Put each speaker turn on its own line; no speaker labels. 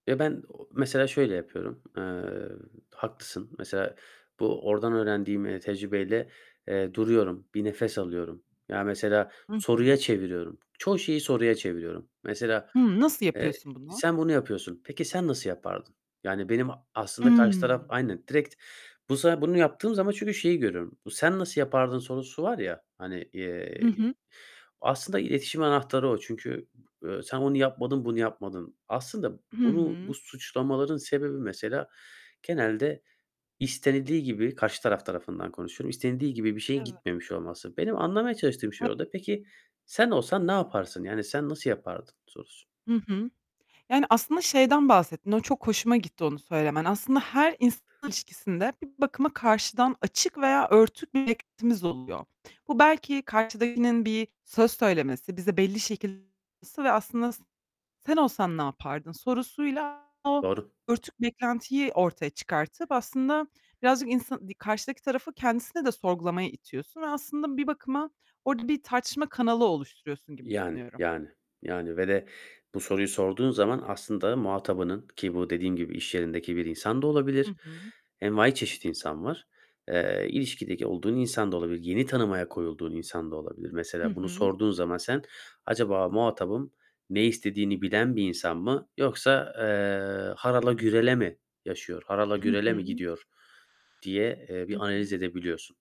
Ya, ben o mesela şöyle yapıyorum: Eee, haklısın, mesela, bu ordan öğrendiğim, eee, tecrübeyle, eee, duruyorum, bir nefes alıyorum. Ya, mesela
Hı hı.
soruya çeviriyorum. Çoğu şeyi soruya çeviriyorum. Mesela,
Hıı, nasıl
eee,
yapıyorsun bunu?
sen bunu yapıyorsun. Peki sen nasıl yapardın? Yani benim a aslında karşı taraf
Hımm.
Aynen direkt bu sana bunu yaptığım zaman çünkü şeyi görüyorum: Bu sen nasıl yapardın sorusu var ya, hani,
Hı
eee,
hı.
aslında iletişim anahtarı o çünkü, eee, sen onu yapmadın, bunu yapmadın. Aslında
Hı
bunu bu
hı.
suçlamaların sebebi mesela genelde istenildiği gibi, karşı taraf tarafından konuşuyorum, istenildiği gibi bir şeyin
Evet.
gitmemiş olması. Benim anlamaya çalıştığım şey
[unintelligible]
orada: Peki sen olsan ne yaparsın, yani sen nasıl yapardın sorusu.
Hı hı. Yani, aslında şeyden bahsettin. O çok hoşuma gitti onu söylemen. Aslında her insan ilişkisinde bir bakıma karşıdan açık veya örtük bir beklentimiz oluyor. Bu belki karşıdakinin bir söz söylemesi, bize belli [unintelligible] ve aslında sen olsan yapardın sorusuyla o
Doğru.
örtük beklentiyi ortaya çıkartıp aslında birazcık insan di karşıdaki tarafı kendisine de sorgulamaya itiyorsun ve aslında bir bakıma orada bir tartışma kanalı oluşturuyorsun gibi
Yani,
düşünüyorum.
yani, yani, ve de bu soruyu sorduğun zaman aslında muhatabının ki bu dediğim gibi, iş yerindeki bir insan da
Hı
olabilir,
hı.
envaiçeşit insan var, eee, ilişkideki olduğun insan da olabilir, yeni tanımaya koyulduğun insan da olabilir.
Hı
Mesela bunu
hı.
sorduğun zaman sen acaba "Muhatabım ne istediğini bilen bir insan mı yoksa, eee, harala gürele mi yaşıyor, harala
Hı
gürele mi
hı.
gidiyor?" diye
Hı
bir analiz
hı.
edebiliyorsun.